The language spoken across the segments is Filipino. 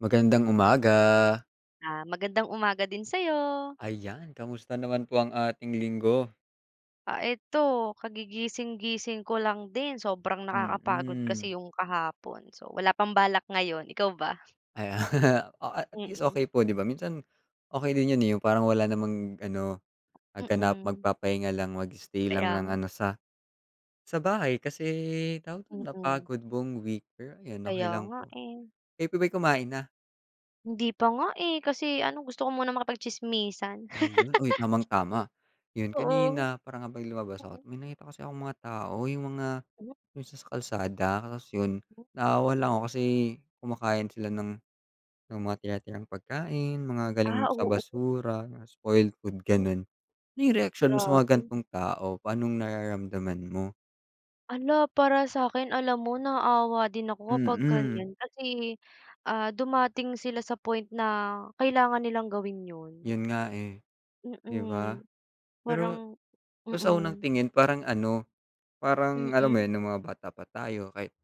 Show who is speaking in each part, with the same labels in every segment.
Speaker 1: Magandang umaga.
Speaker 2: Ah, magandang umaga din sa'yo.
Speaker 1: Ayan. Kamusta naman po ang ating linggo?
Speaker 2: Ah, 'eto kagigising-gising ko lang din. Sobrang nakakapagod kasi
Speaker 1: Mm.
Speaker 2: yung kahapon. So, wala pang balak ngayon, ikaw ba?
Speaker 1: Aya oh, at at least
Speaker 2: Mm.
Speaker 1: okey po, 'di ba? Minsan okey din yun, eh, yung parang wala namang ano, ah, ganap.
Speaker 2: Mm.
Speaker 1: Magpapahinga lang, mag-stay lang
Speaker 2: Kaya
Speaker 1: ng
Speaker 2: nga.
Speaker 1: ano sa sa bahay kasi tawag dun,
Speaker 2: Mm.
Speaker 1: napagod buong week. Pero ayun, okey
Speaker 2: Kaya
Speaker 1: lang
Speaker 2: nga,
Speaker 1: po.
Speaker 2: eh.
Speaker 1: Kayo po bay kumain na?
Speaker 2: Hindi pa nga, eh. Kasi ano, gusto ko munang makipagtsismisan.
Speaker 1: Ayun. Uy, tamang-tama. Yun
Speaker 2: Oo.
Speaker 1: kanina parang nga bang lumabas ako
Speaker 2: Oo.
Speaker 1: may nakita kasi akong mga tao yung mga
Speaker 2: M
Speaker 1: yung sa sa kalsada tapos yun
Speaker 2: M
Speaker 1: naawa lang ako kasi kumakain sila ng ng mga tira-tirang pagkain, mga galing
Speaker 2: Ah,
Speaker 1: sa
Speaker 2: oo.
Speaker 1: basura, spoiled food,
Speaker 2: M
Speaker 1: ganun. Ano yung reaksyon mo sa mga
Speaker 2: Grabe.
Speaker 1: ganitong tao? Pa'nong nararamdaman mo?
Speaker 2: Hala, para sa'kin alam mo naawa din ako kapag
Speaker 1: Mm.
Speaker 2: ganyan kasi, ah, dumating sila sa point na kailangan nilang gawin yun.
Speaker 1: Yun nga, eh, 'di ba?
Speaker 2: Mm,
Speaker 1: Pero
Speaker 2: parang
Speaker 1: pero kung sa unang
Speaker 2: mm.
Speaker 1: tingin parang ano, parang alam mo
Speaker 2: Mm.
Speaker 1: yun, nung mga bata pa tayo, kahit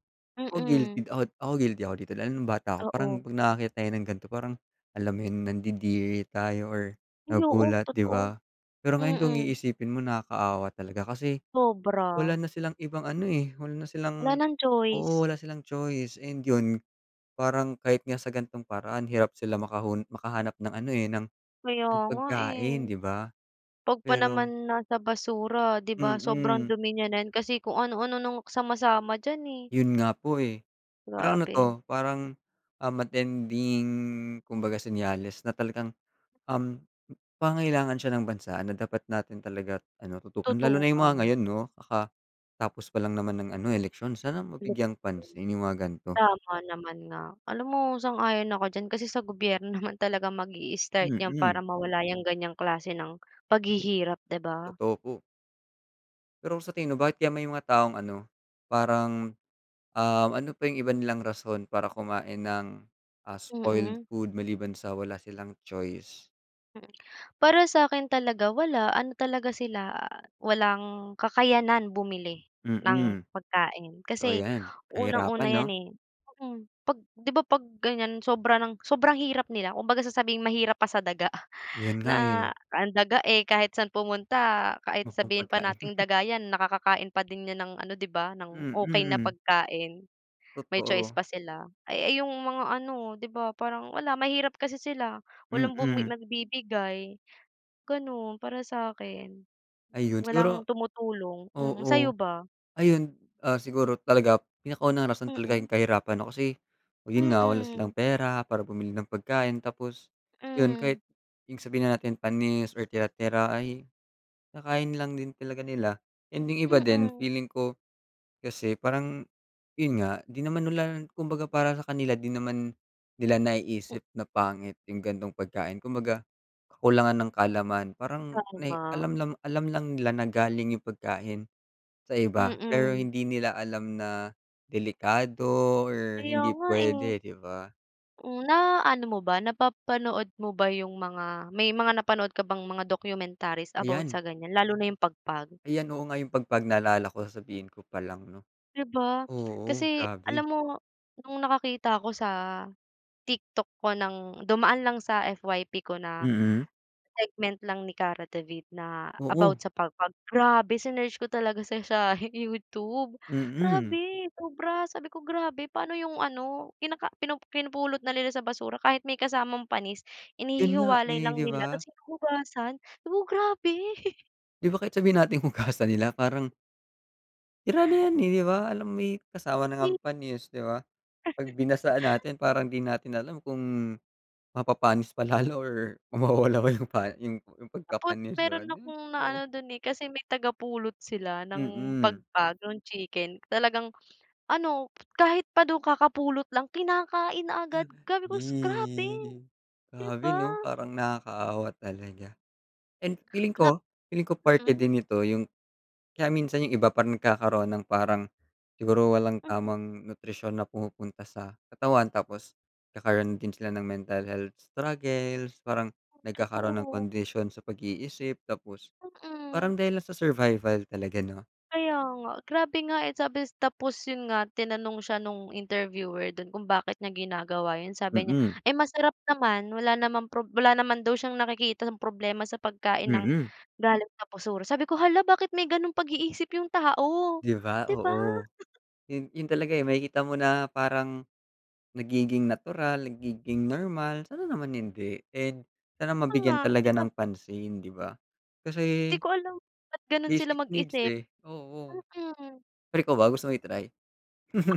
Speaker 1: ako guilty
Speaker 2: Mm.
Speaker 1: ako ako guilty ako dito dahil nung bata ako parang
Speaker 2: Oo.
Speaker 1: 'pag nakakita 'yan ng ganito parang alam mo yung nandidiri tayo or
Speaker 2: Ay oo,
Speaker 1: nagugulat, 'di
Speaker 2: totoo.
Speaker 1: ba? Pero ngayon kung
Speaker 2: Mm.
Speaker 1: iisipin mo nakakaawa talaga kasi wala
Speaker 2: Sobra.
Speaker 1: na silang ibang ano, eh, wala na
Speaker 2: Wala
Speaker 1: silang
Speaker 2: ng choice.
Speaker 1: oo, wala silang choice. And yun parang kahit nga sa gan'tong paraan hirap sila makakun makahanap ng ano, eh, ng
Speaker 2: Kaya
Speaker 1: ng
Speaker 2: nga, eh.
Speaker 1: pagkain, 'di ba?
Speaker 2: 'Pag pa
Speaker 1: Pero
Speaker 2: naman nasa basura 'di ba, sobrang
Speaker 1: Mm.
Speaker 2: dumi na niya nan, kasi kung ano-ano nung sama-sama diyan, eh.
Speaker 1: Yun nga po, eh. Parang ano
Speaker 2: Grabe.
Speaker 1: 'to, parang, um, matinding kumbaga senyales na talagang, um, pangangailangan siya ng bansa na dapat natin talaga ano, tutukan. Lalo na yung mga
Speaker 2: Tutukan.
Speaker 1: ngayon 'no, kakatapos pa lang naman ng ano, eleksyon. Sana mabigyan
Speaker 2: [unintelligible]
Speaker 1: pansin yung mga ganito.
Speaker 2: Tama naman nga. Alam mo sang-ayon ako diyan kasi sa gobyerno naman talagang mag-i-start yan para
Speaker 1: Mm.
Speaker 2: mawala 'yang ganyang klase ng paghihirap, 'di ba?
Speaker 1: Totoo po. Pero sa tingin mo bakit kaya may mga taong ano, parang, um, ano pa yung iba nilang rason para kumain ng, ah, spoiled
Speaker 2: Mm.
Speaker 1: food maliban sa wala silang choice?
Speaker 2: Mm, para sa'kin talaga wala, ano talaga sila, ah, walang kakayanan bumili ng
Speaker 1: Mm.
Speaker 2: pagkain
Speaker 1: Totoo
Speaker 2: kasi
Speaker 1: yan,
Speaker 2: unang-una
Speaker 1: kahirapan,
Speaker 2: yan,
Speaker 1: 'no?
Speaker 2: eh, mm. 'Pag 'di ba, 'pag ganiyan sobra ng sobrang hirap nila kumbaga sasabihing "Mahirap pa sa daga."
Speaker 1: 'Yun nga,
Speaker 2: na,
Speaker 1: eh.
Speaker 2: ang daga, eh, kahit saan pumunta, kahit
Speaker 1: Mumong
Speaker 2: sabihin pa
Speaker 1: pagkain.
Speaker 2: nating daga yan nakakakain pa din yan ng ano 'di ba, ng okey na
Speaker 1: Mm.
Speaker 2: pagkain, may choice
Speaker 1: Totoo.
Speaker 2: pa sila. Ay ay, yung mga ano 'di ba parang wala, mahirap kasi sila, walang bumi
Speaker 1: Mm.
Speaker 2: nagbibigay, gano'n para sa akin.
Speaker 1: Ayun
Speaker 2: Walang
Speaker 1: siguro
Speaker 2: tumutulong, mm, sa'yo
Speaker 1: Oo,
Speaker 2: ba?
Speaker 1: ayun, ah, siguro talaga pinaka unang rason talaga yung
Speaker 2: Mm.
Speaker 1: kahirapan 'no, kasi 'yun nga wala silang
Speaker 2: Mm.
Speaker 1: pera para bumili ng pagkain tapos, 'yun
Speaker 2: Hmm.
Speaker 1: kahit yung sabihin na natin panis or tira-tira ay, kinakain na lang din talaga nila. And yung iba din
Speaker 2: Mm.
Speaker 1: feeling ko, kasi parang 'yun nga di naman nila kumbaga para sa kanila di naman nila
Speaker 2: M
Speaker 1: naiisip na pangit yung ganitong pagkain kumbaga kakulangan ng kaalaman parang nay
Speaker 2: Tama.
Speaker 1: alam lang alam lang nila na galing yung pagkain sa iba pero
Speaker 2: Mm.
Speaker 1: hindi nila alam na delikado or
Speaker 2: Kaya
Speaker 1: hindi
Speaker 2: nga, eh.
Speaker 1: puwede 'di ba?
Speaker 2: Mm, naano mo ba napapanood mo ba yung mga may mga napanood ka bang mga documentaries about sa
Speaker 1: Ayan.
Speaker 2: ganyan, lalo na yung pagpag?
Speaker 1: Ayan, oo nga yung pagpag naalala ko sasabihin ko pa lang 'no.
Speaker 2: 'Di ba?
Speaker 1: Oo,
Speaker 2: Kasi
Speaker 1: grabe.
Speaker 2: alam mo, nung nakakita ko sa, TikTok ko ng dumaan lang sa FYP ko na,
Speaker 1: Mm.
Speaker 2: segment lang ni Kara David na about
Speaker 1: Oo.
Speaker 2: sa pagpag, grabe sinearch ko talaga sa siya hi YouTube
Speaker 1: Mm.
Speaker 2: grabe! Sobra, sabi ko grabe paano yung ano, kinaka pinu pinupulot na nila sa basura kahit may kasamang panis,
Speaker 1: 'Yun nga,
Speaker 2: inihihiwalay
Speaker 1: eh,
Speaker 2: lang
Speaker 1: 'di
Speaker 2: nila
Speaker 1: ba?
Speaker 2: ta's hinuhugasan 'di ba, grabe.
Speaker 1: Di ba kahit sabihin nating hugasan nila parang sira na 'yan, eh, 'di ba? Alam may kasama na
Speaker 2: Kasi
Speaker 1: ngang panis, 'di ba? 'Pag binasaan natin parang di natin alam kung mapapanis pa lalo or mawawala ba yung pa yung yung
Speaker 2: Tapos
Speaker 1: pagkapanis, 'di ba?
Speaker 2: meron
Speaker 1: Di ba,
Speaker 2: akong
Speaker 1: oo.
Speaker 2: naano dun, eh, kasi may tagapulot sila ng
Speaker 1: Mm.
Speaker 2: pagpag, nung chicken. Talagang ano, kahit pa daw kakapulot lang kinakain agad. Sabi ko, grabe,
Speaker 1: Ih.
Speaker 2: 'di
Speaker 1: Grabe
Speaker 2: ba?
Speaker 1: 'no? Parang nakakaawa talaga. And feeling
Speaker 2: Grab
Speaker 1: ko feeling ko parte
Speaker 2: mm.
Speaker 1: din ito yung kaya minsan yung iba parang nagkakaroon ng parang siguro walang
Speaker 2: Mm.
Speaker 1: tamang nutrisyon na pumupunta sa katawan. Tapos nagkakaroon din sila ng mental health struggles, parang
Speaker 2: Mm,
Speaker 1: nagkakaroon ng
Speaker 2: totoo.
Speaker 1: kondisyon sa pag-iisip tapos
Speaker 2: Mm.
Speaker 1: parang dahil lang sa survival talaga 'no?
Speaker 2: Kaya nga. Grabe nga, eh, sabi tapos yun nga, tinanong siya nung interviewer dun kung bakit niya ginagawa yun. Sabi niya,
Speaker 1: Mm.
Speaker 2: "Eh, masarap naman." Wala naman prob wala naman daw siyang nakikitang problema sa pagkain ng
Speaker 1: Mm.
Speaker 2: galing sa basura. Sabi ko, "Hala, bakit may gano'ng pag-iisip yung tao,"
Speaker 1: Di ba,
Speaker 2: 'di ba?
Speaker 1: oo. Yun yun talaga, eh, makikita mo na parang nagiging natural, nagiging normal. Sana naman hindi. And sana
Speaker 2: Kaya nga.
Speaker 1: mabigyan talaga
Speaker 2: Tilab
Speaker 1: ng pansin, 'di ba?
Speaker 2: Di
Speaker 1: Kasi
Speaker 2: ko alam ba't ganun sila
Speaker 1: basic needs,
Speaker 2: mag-isip.
Speaker 1: eh, oo.
Speaker 2: Mm.
Speaker 1: Pero ikaw ba, gusto mo i-try?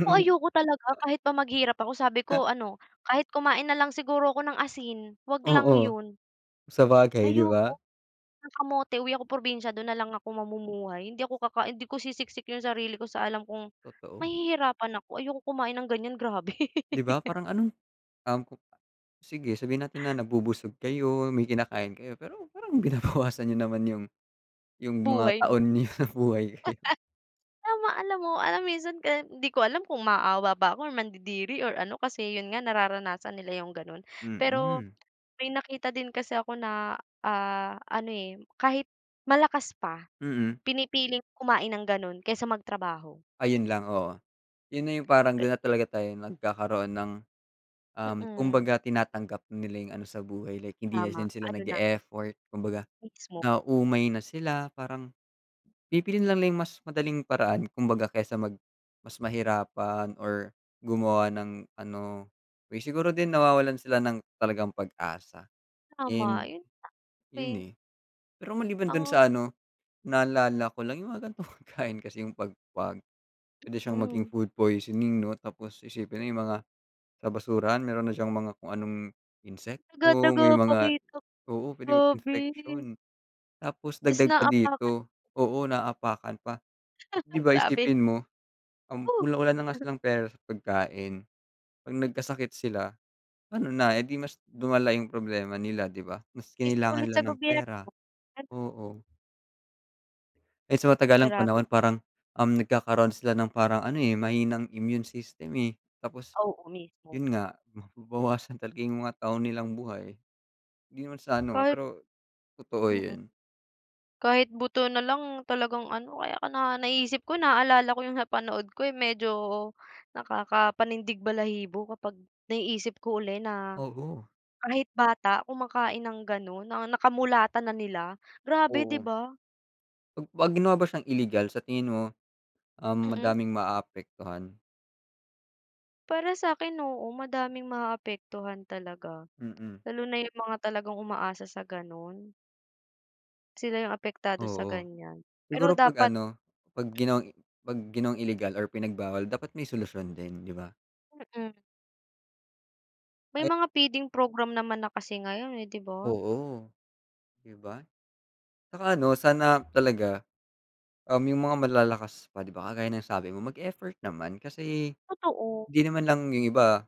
Speaker 2: Ako ayoko talaga kahit pa maghirap ako. Sabi ko ano, kahit kumain nalang siguro ako ng asin wag lang
Speaker 1: Oo.
Speaker 2: yun.
Speaker 1: Sabagay, 'di
Speaker 2: Ayoko
Speaker 1: ba?
Speaker 2: ng kamote uwi ako probinsya dun nalang ako mamumuhay. Hindi ako kakain hindi ko sisiksik yung sarili ko sa alam kong
Speaker 1: Totoo.
Speaker 2: mahihirapan ako. Ayaw kong kumain ng ganyan, grabe.
Speaker 1: Di ba parang anong, um, ku sige sabihin natin na nabubusog kayo, may kinakain kayo, pero parang binabawasan niyo naman yung yung mga
Speaker 2: Buhay 'no.
Speaker 1: taon niyo sa buhay.
Speaker 2: Tama, alam mo alam minsan ka di ko alam kung maawa ba ako or mandidiri or ano, kasi yun nga nararanasan nila yung ganun. Pero
Speaker 1: Mm.
Speaker 2: may nakita din kasi ako na, ah, ano, eh, kahit malakas pa,
Speaker 1: Mm.
Speaker 2: pinipiling kumain ng gano'n kaysa magtrabaho.
Speaker 1: Ayun lang, oo. Yun na yung parang
Speaker 2: Pe
Speaker 1: dun na talaga tayo nagkakaroon ng, um,
Speaker 2: Mm.
Speaker 1: kumbaga tinatanggap nila yung ano sa buhay like hindi na
Speaker 2: Tama,
Speaker 1: din sila
Speaker 2: ano na
Speaker 1: nag-e-effort, kumbaga
Speaker 2: Mismo.
Speaker 1: nauumay na sila, parang pipiliin nila yung mas madaling paraan kumbaga kesa mag mas mahirapan or gumawa ng ano, siguro din nawawalan sila ng talagang pag-asa
Speaker 2: Tama.
Speaker 1: and
Speaker 2: Yun [unintelligible]
Speaker 1: yun,
Speaker 2: eh.
Speaker 1: eh. Pero maliban dun sa
Speaker 2: Ang
Speaker 1: ano, naalala ko lang yung mga gan'tong pagkain kasi, yung pagpag puwede siyang maging
Speaker 2: Mm.
Speaker 1: food poisoning 'no. Tapos isipin nila yung mga sa basura meron na siyang mga kung anong insect
Speaker 2: Daga,
Speaker 1: o
Speaker 2: daga
Speaker 1: may
Speaker 2: pa
Speaker 1: mga
Speaker 2: kita
Speaker 1: oo, puwede
Speaker 2: grabe.
Speaker 1: infection. Tapos
Speaker 2: Ta's
Speaker 1: dagdag pa
Speaker 2: naaapakan.
Speaker 1: dito oo, naaapakan pa. 'Di ba
Speaker 2: Grabe.
Speaker 1: isipin mo, um,
Speaker 2: Oh.
Speaker 1: wala wala na nga silang pera sa pagkain, 'pag nagkasakit sila ano na, eh, di mas lumala yung problema nila, 'di ba? Mas
Speaker 2: Tiis ka
Speaker 1: kinailangan
Speaker 2: ulit
Speaker 1: nila
Speaker 2: sa
Speaker 1: ng
Speaker 2: gobyerno,
Speaker 1: pera,
Speaker 2: ganun.
Speaker 1: oo. Eh, sa matagalang
Speaker 2: Grabe.
Speaker 1: panahon parang, um, nagkakaroon sila ng parang ano, eh, mahina ang immune system, eh. Tapos
Speaker 2: Oo, mismo.
Speaker 1: yun nga, mababawasan talaga yung mga taon nilang buhay. Hindi naman sa ano, ah,
Speaker 2: Kahit
Speaker 1: pero totoo
Speaker 2: Mm.
Speaker 1: yun.
Speaker 2: Kahit buto na lang talagang ano, kaya ka na naiisip ko, naaalala ko yung napanood ko, yung medyo nakakapanindig-balahibo kapag naiisip ko uli na
Speaker 1: Oo.
Speaker 2: kahit bata kumakain ng ganun. Na nakamulatan na nila. Grabe, 'di
Speaker 1: Oo.
Speaker 2: ba?
Speaker 1: 'Pag 'pag lumabas siyang ilegal, sa tingin mo, um,
Speaker 2: Mm.
Speaker 1: madaming maaapektuhan?
Speaker 2: Para sa'kin, oo, madaming maaapektuhan talaga.
Speaker 1: Mm.
Speaker 2: Lalo na yung mga talagang umaasa sa ganun. sila yung apektado sa
Speaker 1: Oo.
Speaker 2: ganyan. Pero
Speaker 1: Siguro 'pag
Speaker 2: dapat
Speaker 1: ano, 'pag ginawang 'pag ginawang ilegal or pinagbawal dapat may solusyon din, 'di ba?
Speaker 2: Mm. May
Speaker 1: Ay
Speaker 2: mga feeding program naman na kasi ngayon, eh, 'di ba?
Speaker 1: Oo. 'Di ba? Tsaka ano, sana talaga, um, yung mga malalakas pa, 'di ba, kagaya ng sabi mo mag-effort naman kasi
Speaker 2: Totoo.
Speaker 1: hindi naman lang yung iba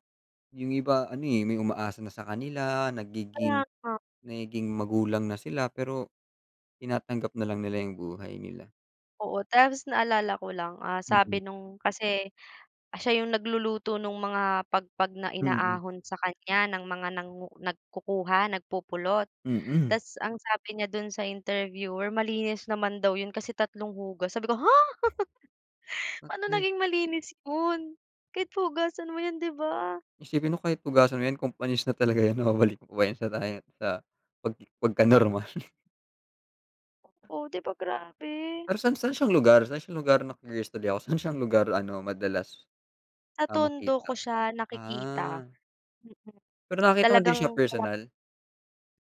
Speaker 1: yung iba ano, eh, may umaasa na sa kanila,
Speaker 2: Kaya
Speaker 1: nagiging
Speaker 2: nga.
Speaker 1: nagiging magulang na sila, pero tinatanggap na lang nila yung buhay nila.
Speaker 2: Oo, tapos naalala ko lang, ah, sabi
Speaker 1: Mm.
Speaker 2: nung kasi, siya yung nagluluto nung mga pagpag na
Speaker 1: Mm.
Speaker 2: inaahon sa kanya ng mga nangu nagkukuha, nagpupulot.
Speaker 1: Mm.
Speaker 2: Tas ang sabi niya do'n sa interviewer malinis naman daw 'yon kasi tatlong hugassabi ko, "Ha?" Paano
Speaker 1: [unintelligible]
Speaker 2: naging malinis 'yun? Kahit pa hugasan mo 'yun 'di ba?
Speaker 1: Isipin mo kahit hugasan mo 'yan kung panis na talaga 'yan na babalik pa ba 'yan sa da sa 'pag pagkanormal.
Speaker 2: Oh, 'di ba grabe!
Speaker 1: Pero san san siyang lugar? San siyang lugar na-curious tuloy ako san siyang lugar ano madalas?
Speaker 2: Sa
Speaker 1: Ah,
Speaker 2: Tondo ko
Speaker 1: makita.
Speaker 2: siya nakikita. Mm.
Speaker 1: Ah. Pero nakita ko din
Speaker 2: Talagang
Speaker 1: siya
Speaker 2: kalat
Speaker 1: personal.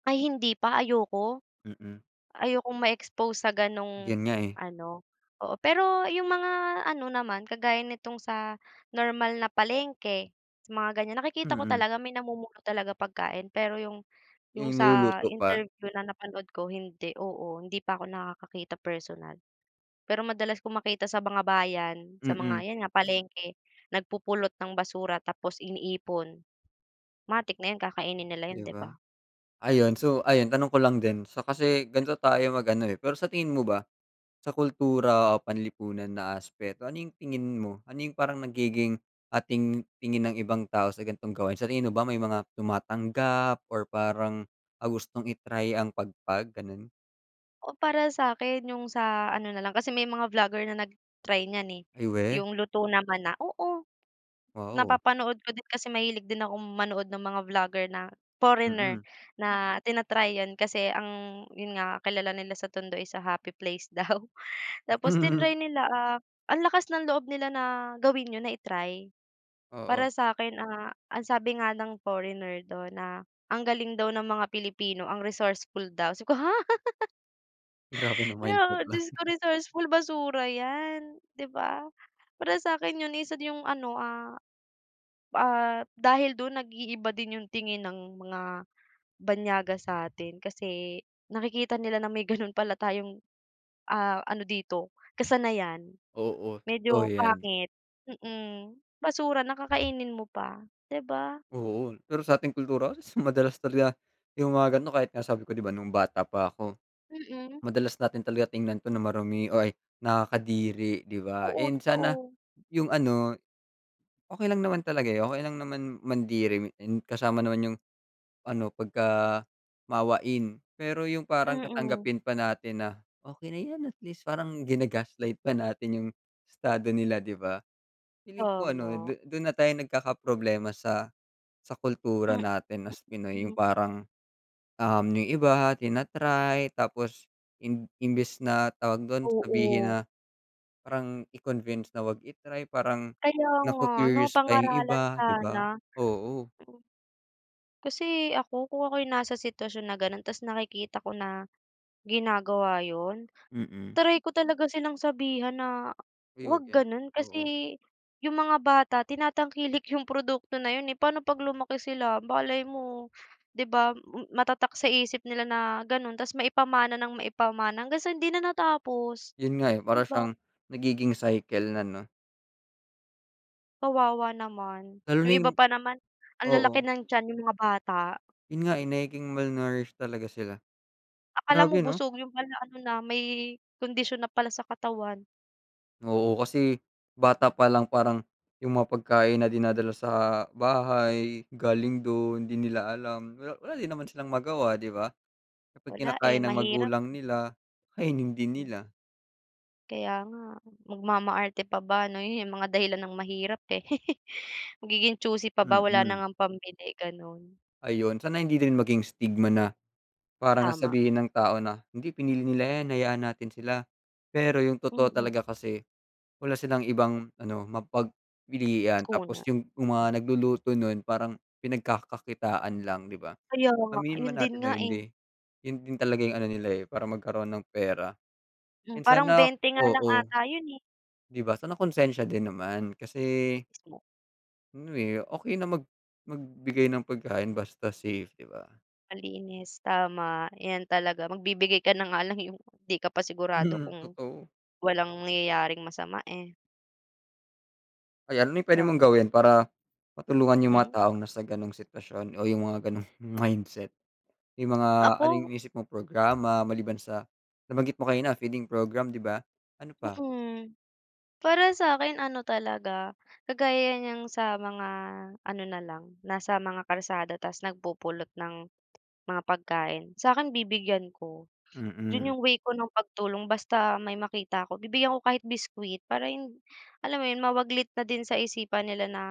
Speaker 2: Ay hindi pa, ayoko.
Speaker 1: Mm.
Speaker 2: Ayokong ma-expose sa ganong
Speaker 1: 'Yun nga, eh.
Speaker 2: ano, oo pero yung mga ano naman kagaya nitong sa normal na palengke, sa mga ganyan nakikita ko
Speaker 1: Mm.
Speaker 2: talaga may namumulot talaga pagkain pero yung yung
Speaker 1: Yung
Speaker 2: sa
Speaker 1: niluluto pa?
Speaker 2: interview na napanood ko hindi, oo, hindi pa ko nakakakita personal. Pero madalas kong makita sa mga bayan, sa
Speaker 1: Mm.
Speaker 2: mga 'yan nga palengke, nagpupulot ng basura tapos iniipon. Matik na 'yun kakainin nila 'yun
Speaker 1: 'Di
Speaker 2: 'di
Speaker 1: ba.
Speaker 2: ba?
Speaker 1: Ayun so ayun tanong ko lang din so kasi gan'to tayo mag ano, eh. Pero sa tingin mo ba, sa kultura o panlipunan na aspeto ano yung tingin mo? Ano yung parang nagiging, ating tingin ng ibang tao sa gantong gawain, sa tingin mo ba may mga tumatanggap or parang ang gustong i-try ang pagpag gano'n?
Speaker 2: O, para sa'kin yung sa ano na lang, kasi may mga vlogger na nag-try niyan, eh,
Speaker 1: Ay, weh?
Speaker 2: yung luto naman na, oo.
Speaker 1: Wow.
Speaker 2: Napapanood ko din kasi mahilig din akong manood ng mga vlogger na foreigner
Speaker 1: Mm.
Speaker 2: na tina-try 'yon kasi ang yun nga, kilala nila sa tondo is a happy place daw, tapos tinry nila, ah, ang lakas ng loob nila na gawin 'yon, na i-try.
Speaker 1: Oo.
Speaker 2: Para sa'kin, ah, ang sabi nga ng foreigner do'n na, ang galing daw ng mga Pilipino, ang resourceful daw. Sabi ko, ha?
Speaker 1: Grabe,
Speaker 2: 'Di ba,
Speaker 1: na-mindset lang.
Speaker 2: dios ko resourceful, basura 'yan, 'di ba? Para sa'kin yun isa dun yung ano, ah, ah, dahil dun, nag-iiba din yung tingin ng mga banyaga sa atin kasi nakikita nila na may gano'n pala tayong, ah, ano dito kasanayan.
Speaker 1: Oo, totoo
Speaker 2: Medyo
Speaker 1: 'yan.
Speaker 2: pangit, mm, basura na, kakainin mo pa, 'di ba?
Speaker 1: Oo, pero sa ating kultura, asus madalas talaga yung mga ganun, kahit nga sabi ko 'di ba nung bata pa ako,
Speaker 2: Mm.
Speaker 1: madalas natin talaga tingnan 'to na marumi o ay, nakakadiri, 'di ba?
Speaker 2: Oo,
Speaker 1: And sana
Speaker 2: totoo.
Speaker 1: yung ano, okey lang naman talaga, eh, okey lang naman mandiri, and kasama naman yung ano, pagkamaawain. Pero yung parang
Speaker 2: Mm.
Speaker 1: tatanggapin pa natin na, okey na 'yan, at least parang gina-gaslight pa natin yung estado nila, 'di ba? Feeling ko ano,
Speaker 2: Tama.
Speaker 1: du dun na tayo nagkakaproblema sa sa kultura
Speaker 2: Hmm.
Speaker 1: natin na as Pinoy, yung
Speaker 2: [unintelligible]
Speaker 1: parang, um, yung iba tina-try, tapos imb imbes na tawag dun, sabihin
Speaker 2: Oo.
Speaker 1: na parang i-convince na 'wag i-try, parang
Speaker 2: Kaya nga ano,
Speaker 1: naku-curious pa yung
Speaker 2: pangaralan
Speaker 1: iba, 'di
Speaker 2: sana.
Speaker 1: ba? Oo.
Speaker 2: Kasi ako, kung ako yung nasa sitwasyon na gano'n, tas nakikita ko na ginagawa 'yon,
Speaker 1: Mm.
Speaker 2: try ko talaga silang sabihan na,
Speaker 1: Uy, 'wag
Speaker 2: 'wag
Speaker 1: 'yan.
Speaker 2: gano'n kasi
Speaker 1: Oo.
Speaker 2: yung mga bata tinatangkilik yung produkto na yun, eh. Pa'no 'pag lumaki sila, malay mo, 'di ba matatak sa isip nila na gano'n. Tas maipamana ng maipamana hanggang sa hindi na natapos,
Speaker 1: Yun nga, eh,
Speaker 2: 'di
Speaker 1: para
Speaker 2: ba?
Speaker 1: siyang nagiging cycle na 'no.
Speaker 2: Kawawa naman.
Speaker 1: Lalo
Speaker 2: Yung
Speaker 1: na
Speaker 2: iba
Speaker 1: yung
Speaker 2: pa naman ang lalaki
Speaker 1: oo.
Speaker 2: ng tiyan, yung mga bata.
Speaker 1: Yun nga, eh, nagiging malnourish talaga sila.
Speaker 2: Akala
Speaker 1: Grabe
Speaker 2: mo
Speaker 1: 'no?
Speaker 2: busog yun pala ano na, may kondisyon na pala sa katawan.
Speaker 1: Oo, kasi bata pa lang parang yung mga pagkain na dinadala sa bahay galing dun, di nila alam wala wala din naman silang magawa, di ba? Kapag
Speaker 2: Wala,
Speaker 1: kinakain
Speaker 2: eh,
Speaker 1: ng
Speaker 2: mahirap.
Speaker 1: magulang nila, kainin din nila.
Speaker 2: Kaya nga. Magmamaarte pa ba? Ano yun, mga dahilan ng mahirap, eh. Magiging choosy pa ba wala na
Speaker 1: Mm.
Speaker 2: ngang pambili, gano'n.
Speaker 1: Ayun. Sana hindi din maging stigma na parang
Speaker 2: Tama.
Speaker 1: sasabihin ng tao na, "Hindi, pinili nila 'yan. Hayaan natin sila." Pero yung totoo
Speaker 2: Mm.
Speaker 1: talaga kasi wala silang ibang ano, mapagpilian
Speaker 2: Kuna.
Speaker 1: tapos yung
Speaker 2: M
Speaker 1: mga nagluluto nun parang pinagkakakitaan lang, di ba?
Speaker 2: Kaya nga.
Speaker 1: Aminin
Speaker 2: Yun
Speaker 1: man
Speaker 2: din
Speaker 1: natin
Speaker 2: nga,
Speaker 1: o
Speaker 2: eh.
Speaker 1: hindi. Yun din talaga yung ano nila, eh, para magkaroon ng pera.
Speaker 2: Hmm,
Speaker 1: And
Speaker 2: parang
Speaker 1: sana
Speaker 2: 20 nga lang
Speaker 1: oo.
Speaker 2: 'ata yun, eh.
Speaker 1: Di ba? Sana konsensiya din naman kasi
Speaker 2: [unintelligible]
Speaker 1: Ano eh, okey na mag magbigay ng pagkain basta safe, 'di ba?
Speaker 2: Malinis tama 'yan talaga magbibigay ka na nga lang yung pang 'di ka pa sigurado
Speaker 1: Mm,
Speaker 2: kung
Speaker 1: totoo.
Speaker 2: walang nangyayaring masama, eh.
Speaker 1: Ayan, may puwede mong
Speaker 2: Tama.
Speaker 1: gawin para matulungan yung mga
Speaker 2: Mm.
Speaker 1: taong nasa ganong sitwasyon o yung mga ganong mindset? Yung mga ano 'yong
Speaker 2: Ako.
Speaker 1: inisip mong programa maliban sa nabanggit mo kanina feeding program, 'di ba? Ano pa?
Speaker 2: Mm. Para sa'kin ano talaga kagaya niyang sa mga ano na lang nasa mga kalsada tas nagpupulot ng mga pagkain. Sa'kin bibigyan ko. Dun
Speaker 1: Mm.
Speaker 2: yung way ko ng pagtulong basta may makita ako bibigyan ko kahit biscuit. Para hind alam mo yun mawaglit na din sa isipan nila na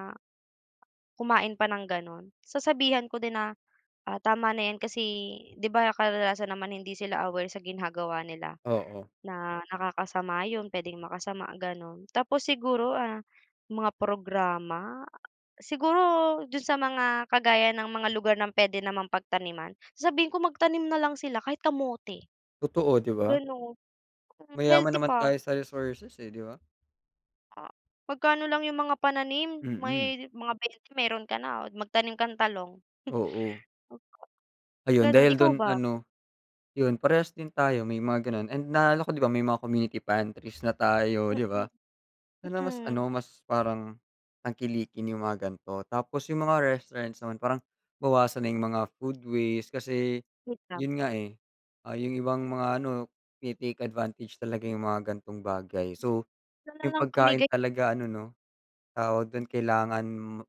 Speaker 2: kumain pa ng ganun. Sasabihan ko din na, ah, tama na yan kasi, 'di ba, kadalasan naman hindi sila aware sa ginagawa nila
Speaker 1: Oo.
Speaker 2: na nakakasama yun, puwedeng makasama, ganun. Tapos siguro, ah, mga programa. Siguro dun sa mga kagaya ng mga lugar ng puwede namang pagtaniman. Sasabihin ko magtanim na lang sila kahit kamote.
Speaker 1: Totoo, 'di ba?
Speaker 2: Gano'n. Hmm,
Speaker 1: Mayaman
Speaker 2: healthy
Speaker 1: naman
Speaker 2: pa.
Speaker 1: tayo sa resources, eh, 'di ba?
Speaker 2: Ah, magkano lang yung mga pananim
Speaker 1: Mm.
Speaker 2: may dit mga bente meron ka oh, d magtanim kang talong. Hmm.
Speaker 1: Oo.
Speaker 2: Hmm.
Speaker 1: Ayun,
Speaker 2: Ganon,
Speaker 1: dahil
Speaker 2: ikaw
Speaker 1: dun
Speaker 2: ba?
Speaker 1: ano. Yun parehas din tayo may mga gano'n and naaalala ko, 'di ba, may mga community pantries na tayo, 'di
Speaker 2: Mm.
Speaker 1: ba? Dun na mas
Speaker 2: Mm.
Speaker 1: ano, mas parang tangkilikin yung mga gan'to. Tapos yung mga restaurants naman parang bawasan na yung
Speaker 2: Mm.
Speaker 1: mga food waste. Kasi
Speaker 2: Hmm, tama.
Speaker 1: yun nga, eh, ah, yung ibang mga ano, tine-take advantage talaga yung mga gantong bagay. So,
Speaker 2: Siya na
Speaker 1: yung
Speaker 2: lang
Speaker 1: pagkain
Speaker 2: pamigay.
Speaker 1: talaga ano, no? Tawag dun kailangan m eh,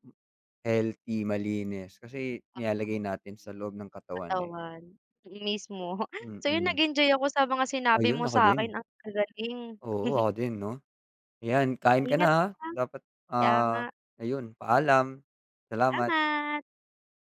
Speaker 1: healthy, malinis kasi
Speaker 2: Tama.
Speaker 1: nilalagay natin sa loob ng katawan, eh.
Speaker 2: Katawan, mm, mismo. So, yun
Speaker 1: Mm.
Speaker 2: nag-enjoy ako sa mga sinabi mo
Speaker 1: Ayun ako
Speaker 2: sa'kin
Speaker 1: din.
Speaker 2: ang gagaling.
Speaker 1: Oo, ako din, 'no? 'Yan kain ka na,
Speaker 2: Ingat
Speaker 1: ah,
Speaker 2: ka.
Speaker 1: dapat
Speaker 2: Kaya nga.
Speaker 1: ah, ayun, paalam. Salamat.
Speaker 2: Salamat.